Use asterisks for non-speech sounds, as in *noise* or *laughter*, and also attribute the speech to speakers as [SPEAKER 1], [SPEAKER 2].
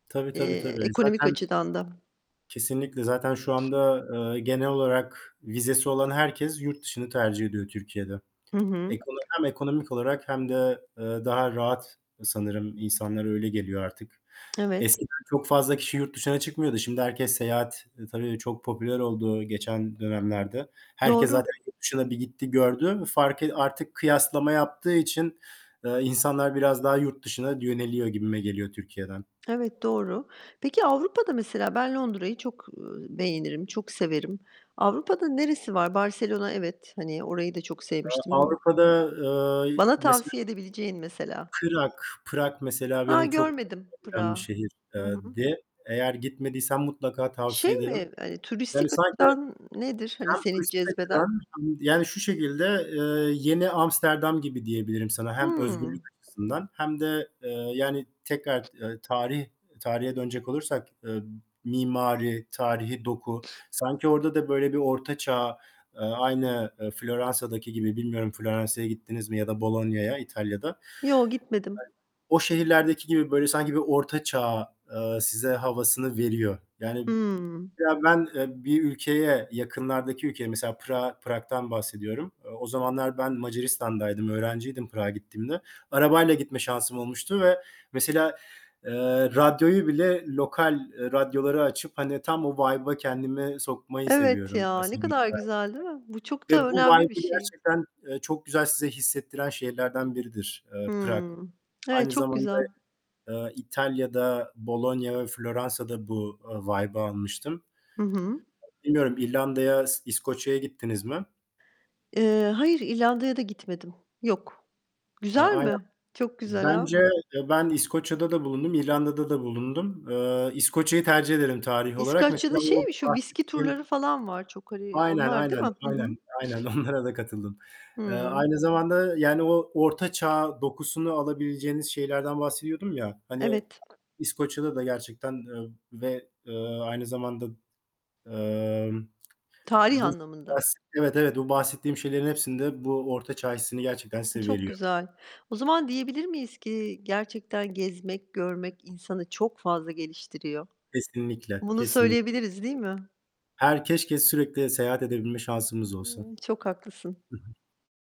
[SPEAKER 1] Tabii, tabii,
[SPEAKER 2] Eee,
[SPEAKER 1] tabii.
[SPEAKER 2] ekonomik
[SPEAKER 1] Zaten
[SPEAKER 2] açıdan da.
[SPEAKER 1] Kesinlikle. Zaten şu anda, eee, genel olarak vizesi olan herkes yurt dışını tercih ediyor Türkiye'de.
[SPEAKER 2] Hı hı.
[SPEAKER 1] Ekono hem ekonomik olarak hem de, eee, daha rahat sanırım insanlara öyle geliyor artık.
[SPEAKER 2] Evet.
[SPEAKER 1] Eskiden çok fazla kişi yurt dışına çıkmıyordu. Şimdi herkes seyahat, eee, tabii çok popüler oldu geçen dönemlerde. Herkes
[SPEAKER 2] Doğru.
[SPEAKER 1] zaten yurt dışına bir gitti, gördü. Farkı artık kıyaslama yaptığı için, eee, insanlar biraz daha yurt dışına yöneliyor gibime geliyor Türkiye'den.
[SPEAKER 2] Evet, doğru. Peki Avrupa'da mesela ben Londra'yı çok, ııı, beğenirim, çok severim. Avrupa'da neresi var? Barselona evet, hani, orayı da çok
[SPEAKER 1] Eee,
[SPEAKER 2] sevmiştim.
[SPEAKER 1] Avrupa'da, eee,
[SPEAKER 2] Bana
[SPEAKER 1] mesela
[SPEAKER 2] tavsiye edebileceğin mesela?
[SPEAKER 1] Prag. Prag mesela
[SPEAKER 2] Ha,
[SPEAKER 1] benim çok
[SPEAKER 2] görmedim.
[SPEAKER 1] *unintelligible* giden bir
[SPEAKER 2] Prag'ı.
[SPEAKER 1] şehir
[SPEAKER 2] Hı
[SPEAKER 1] eee,
[SPEAKER 2] hı.
[SPEAKER 1] di. Eğer gitmediysen mutlaka
[SPEAKER 2] Şey
[SPEAKER 1] tavsiye ederim.
[SPEAKER 2] mi, hani, turistik
[SPEAKER 1] Yani sanki
[SPEAKER 2] açıdan nedir, hani,
[SPEAKER 1] hem
[SPEAKER 2] seni
[SPEAKER 1] turistik açıdan
[SPEAKER 2] cezbeden?
[SPEAKER 1] hem yani şu şekilde, eee, yeni Amsterdam gibi diyebilirim sana. Hem özgürlük
[SPEAKER 2] Hımm.
[SPEAKER 1] açısından hem de, eee, yani tekrar, eee, tarih tarihe dönecek olursak, eee, mimari, tarihî doku. Sanki orada da böyle bir Orta Çağ, eee, aynı, eee Floransa'daki gibi. Bilmiyorum Floransa'ya gittiniz mi ya da Bologna'ya İtalya'da.
[SPEAKER 2] Yo, gitmedim.
[SPEAKER 1] *unintelligible* O şehirlerdeki gibi böyle sanki bir Orta Çağ, eee, size havasını veriyor. Yani
[SPEAKER 2] Hımm.
[SPEAKER 1] mesela ben, eee, bir ülkeye, yakınlardaki ülkeye, mesela Prag'a Prag'dan bahsediyorum. Eee, o zamanlar ben Macaristan'daydım, öğrenciydim Prag'a gittiğimde. Arabayla gitme şansım olmuştu ve mesela, eee, radyoyu bile lokal, eee, radyoları açıp, hani, tam o vibe'a kendimi sokmayı
[SPEAKER 2] Evet
[SPEAKER 1] seviyorum.
[SPEAKER 2] ya, ne
[SPEAKER 1] *unintelligible*
[SPEAKER 2] kadar güzel değil mi? Bu çok
[SPEAKER 1] Ve
[SPEAKER 2] da
[SPEAKER 1] bu
[SPEAKER 2] önemli bir
[SPEAKER 1] vibe'ı
[SPEAKER 2] şey.
[SPEAKER 1] gerçekten, eee, çok güzel size hissettiren şehirlerden biridir, eee, Prag.
[SPEAKER 2] Hımm. Evet,
[SPEAKER 1] Aynı
[SPEAKER 2] çok
[SPEAKER 1] zamanda,
[SPEAKER 2] güzel.
[SPEAKER 1] eee, İtalya'da Bologna ve Floransa'da bu, ııı, vibe'ı almıştım.
[SPEAKER 2] Hı hı.
[SPEAKER 1] Bilmiyorum İrlanda'ya, İs İskoçya'ya gittiniz mi?
[SPEAKER 2] Eee, hayır, İrlanda'ya da gitmedim. Yok.
[SPEAKER 1] Eee,
[SPEAKER 2] Güzel
[SPEAKER 1] aynen.
[SPEAKER 2] mi? Çok güzel
[SPEAKER 1] Bence
[SPEAKER 2] ha!
[SPEAKER 1] eee, ben İskoçya'da da bulundum, İrlanda'da da bulundum. Eee, İskoçya'yı tercih ederim tarih olarak. Mesela
[SPEAKER 2] İskoçya'da
[SPEAKER 1] o
[SPEAKER 2] şey mi, şu viski
[SPEAKER 1] bahsettiğim
[SPEAKER 2] turları falan var çok, hani.
[SPEAKER 1] Aynen,
[SPEAKER 2] Onlar değil mi?
[SPEAKER 1] aynen,
[SPEAKER 2] Hı hı.
[SPEAKER 1] aynen, aynen onlara da katıldım. Eee,
[SPEAKER 2] Hımm.
[SPEAKER 1] aynı zamanda, yani o Orta Çağ dokusunu alabileceğiniz şehirlerden bahsediyordum ya, hani,
[SPEAKER 2] Evet.
[SPEAKER 1] İskoçya'da da gerçekten, eee, ve, eee, aynı zamanda emm,
[SPEAKER 2] Tarih
[SPEAKER 1] bu bahs
[SPEAKER 2] anlamında.
[SPEAKER 1] Evet, evet, bu bahsettiğim şeylerin hepsinde bu Orta Çağ hissini gerçekten size
[SPEAKER 2] Çok
[SPEAKER 1] veriyor.
[SPEAKER 2] güzel. O zaman diyebilir miyiz ki gerçekten gezmek, görmek insanı çok fazla geliştiriyor?
[SPEAKER 1] Kesinlikle,
[SPEAKER 2] Bunu
[SPEAKER 1] kesin.
[SPEAKER 2] söyleyebiliriz değil mi?
[SPEAKER 1] Her keşke sürekli seyahat edebilme şansımız olsa.
[SPEAKER 2] Çok haklısın.
[SPEAKER 1] Hı hı.